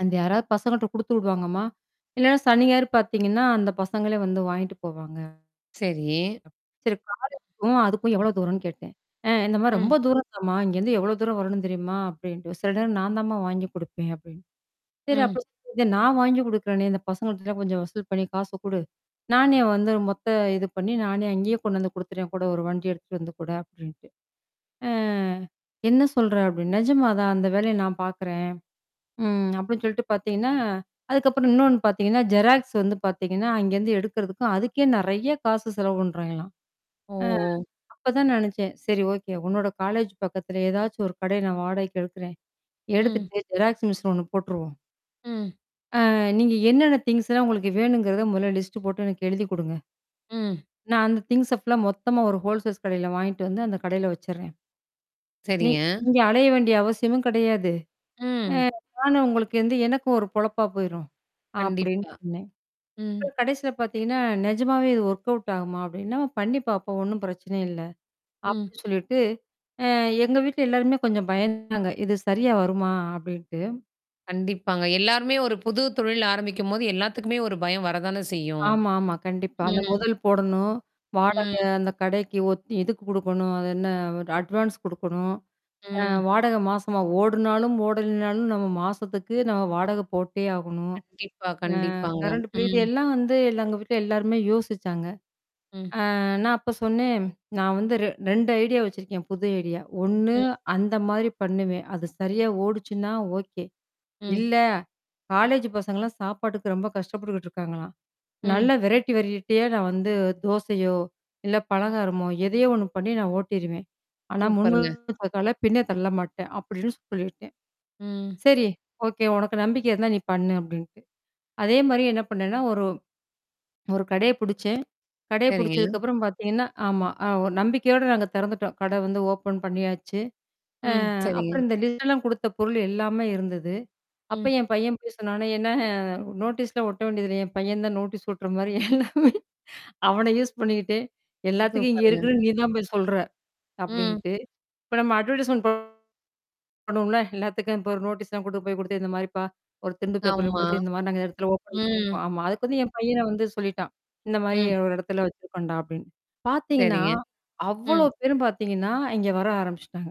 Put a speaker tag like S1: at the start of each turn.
S1: அந்த யாராவது பசங்கட்ட குடுத்துடுவாங்கமா. இல்லனா சனி, ஞாயிறு பார்த்தீங்கன்னா, அந்த பசங்களே வந்து வாங்கிட்டு போவாங்க.
S2: சரி.
S1: அப் சரி காலேஜ்க்கும் அதுக்கும் எவ்வளவு தூரம்னு கேட்டேன். அ, இந்தமாரி
S2: ம்.
S1: ரொம்ப தூர தான் மா. இங்க இருந்து எவ்வளவு தூரம் வரணும் தெரியுமா? அப்படீன்ட்டு. சில நேரம் நான் தான்மா வாங்கி கொடுப்பேன், அப்படீன்னு. சரி அப்ப
S2: ம்.
S1: சொ [unintelligible] நான் வாங்கி கொடுக்கறேனே, இந்த பசங்க கிட்ட கொஞ்சம் வசூல் பண்ணி காசு கொடு. நானே வந்து மொத்த இது பண்ணி, நானே அங்கேயே கொண்டுவந்து கொடுத்துடுறேன், கூட ஒரு வண்டி எடுத்து வந்து கூட அப்டீன்ட்டு. அ, என்ன சொல்ற? அப்டினேன். நிஜமா தான் அந்த வேலையை நான் பார்க்குறேன். ம், அப்படின்னு சொல்லிட்டு பாத்தீங்கன்னா, அதுக்கப்புறம் இன்னொன்னு பாத்தீங்கன்னா, ஜெராக்ஸ் வந்து பாத்தீங்கன்னா, அங்கேருந்து இருந்து எடுக்குறதுக்கும், அதுக்கே நிறைய காசு செலவு பண்றாய்ங்களாம். அ,
S2: ஓ!
S1: அப்பதான் நினைச்சேன். சரி, ஓகே. உன்னோட காலேஜ் பக்கத்துல ஏதாச்சும் ஒரு கடை நான் வாடகைக்கு எடுக்குறேன்.
S2: ம்.
S1: எடுத்துட்டு ஜெராக்ஸ் மிஷின் ஒண்ணு போட்ருவோம்.
S2: ம்.
S1: ஆ, நீங்க என்னென்ன திங்க்ஸ்லாம் உங்களுக்கு வேணும்ங்கறத, மொதல்ல லிஸ்ட் போட்டு எனக்கு எழுதிக் கொடுங்க.
S2: ம்.
S1: நான் அந்த திங்க்ஸ ஃபுல்லா, மொத்தமா ஒரு ஹோல்சேல்ஸ் கடையில வாங்கிட்டு, வந்து அந்தக் கடையில வச்சிர்றேன். நீங்க
S2: சரிங்க..
S1: இங்க அலைய வேண்டிய அவசியமும் கிடையாது. ஆ,
S2: ம்..
S1: நானு உங்களுக்கு வந்து, எனக்கும் ஒரு பொழப்பா போயிரும் அப்படின்னு
S2: கண்டிப்பா.
S1: சொன்னேன்
S2: ம்.
S1: கடைசில பாத்தீங்கன்னா, நெஜமாவே இது வொர்க்அவுட் ஆகுமா? அப்படின்னு. என்னம்மா, பண்ணி பாப்போம். ஒண்ணும் பிரச்சனை இல்ல.
S2: ம்.
S1: அப்படி சொல்லிட்டு ஆ, எங்க வீட்டுல எல்லாருமே கொஞ்சம் பயந்தாங்க. இது சரியா வருமா? அப்படின்ட்டு.
S2: கண்டிப்பாங்க. எல்லாருமே ஒரு புது தொழில் ஆரம்பிக்கும்போது, எல்லாத்துக்குமே ஒரு பயம் வரத்தானே செய்யும்.
S1: ஆமாமா, கண்டிப்பா. அந்த
S2: ம்.
S1: முதல் போடணும். வாடக,
S2: ம்..
S1: அந்தக் கடைக்கு ஒத் இதுக்கு கொடுக்கணும். அது என்ன? வ அட்வான்ஸ் கொடுக்கணும். அ,
S2: ம்.
S1: வாடகை மாசமா, ஓடுனாலும் ஓடலைனாலும் நாம மாசத்துக்கு, நாம வாடகை போட்டே ஆகணும்.
S2: கண்டிப்பா,
S1: அ
S2: கண்டிப்பாங்க.
S1: Current bill. இது
S2: ம்.
S1: எல்லாம் வந்து, இல்ல எங்க வீட்டுல எல்லாருமே யோசிச்சாங்க.
S2: ம்.
S1: அ நான் அப்ப சொன்னேன். நான் வந்து ரெ 2 ஐடியா வச்சிருக்கேன், புது ஐடியா. ஒண்ணு,
S2: ம்..
S1: அந்த
S2: ம்.
S1: மாரி பண்ணுவேன். அது சரியா ஓடுச்சுன்னா ஓகே.
S2: ம்.
S1: இல்ல, காலேஜ் பசங்கலாம் சாப்பாட்டுக்கு ரொம்ப கஷ்டப்பட்டு இருக்காங்களாம். நல்ல
S2: ம்.
S1: வெரைட்டி, வெரைட்டியா நான் வந்து தோசையோ, இல்ல பலகாரமோ, எதையோ ஒண்ணு பண்ணி நான் ஓட்டிருவேன். ஆனா முன்
S2: சூப்பர்ங்க.
S1: வச்ச கால பின்னத் தள்ளமாட்டேன் அப்படின்னு சொல்லிட்டேன்.
S2: ம்.
S1: சரி, ஓகே. உனக்கு நம்பிக்கை இருந்தா, நீ பண்ணு அப்படீன்ட்டு. அதே மாரி என்ன பண்ணேன்னா, ஒரு ஒரு கடையைப் புடிச்சேன். கடைய
S2: சரிங்க.
S1: புடிச்சதுக்கப்புறம் பாத்தீங்கன்னா, ஆமா அ, ஒ நம்பிக்கையோட நாங்க திறந்துட்டோம். கடை வந்து ஓப்பன் பண்ணியாச்சு. அ
S2: ம், சரிங்க.
S1: அப்புறம் இந்த லிஸ்ட்டெலாம் கொடுத்த பொருள் எல்லாமே இருந்தது. அப்ப
S2: ம்.
S1: என் பையன் போயி சொன்னானா, என்ன, நோட்டீஸ் ஒட்ட வேண்டியதுதில்ல, என் பையன் தான் நோட்டீஸ் ஓட்டுற மாரி எல்லாமே. அவனை யூஸ் பண்ணிக்கிட்டு, எல்லாத்துக்கும் இங்க
S2: சூப்பர்ங்க.
S1: இருக்குதுனு நீ தான் போய் சொல்ற!
S2: ம்.
S1: அப்படீன்ட்டு, இப்ப நம்ம அட்வெர்டைசெமென்ட் பண் பண்ணுவோம்ல, எல்லாத்துக்கும் இப்ப ஒரு நோட்டீஸ்லாம் கொண்டு போய்க் குடுத்து இந்த மாதிரிப்பா, ஒரு திண்டு பேப்பர்ல
S2: ஆமா.
S1: குடுத்து இந்த மாரி அந்த இடத்துல ஓப்பன்
S2: ம்.
S1: பண்ணீருக்கோம். ஆமா, அதுக்கு என் பையனே வந்து சொல்லிட்டான். இந்த மாரி
S2: ம்.
S1: ஒரு இடத்துல வெச்சுருக்கோம்டா அப்டீன்னு. பாத்தீங்கன்னா,
S2: சரிங்க.
S1: அவ்ளோ
S2: ம்.
S1: பேரும் பாத்தீங்கன்னா, இங்க வர ஆரம்பிச்சிட்டாங்க.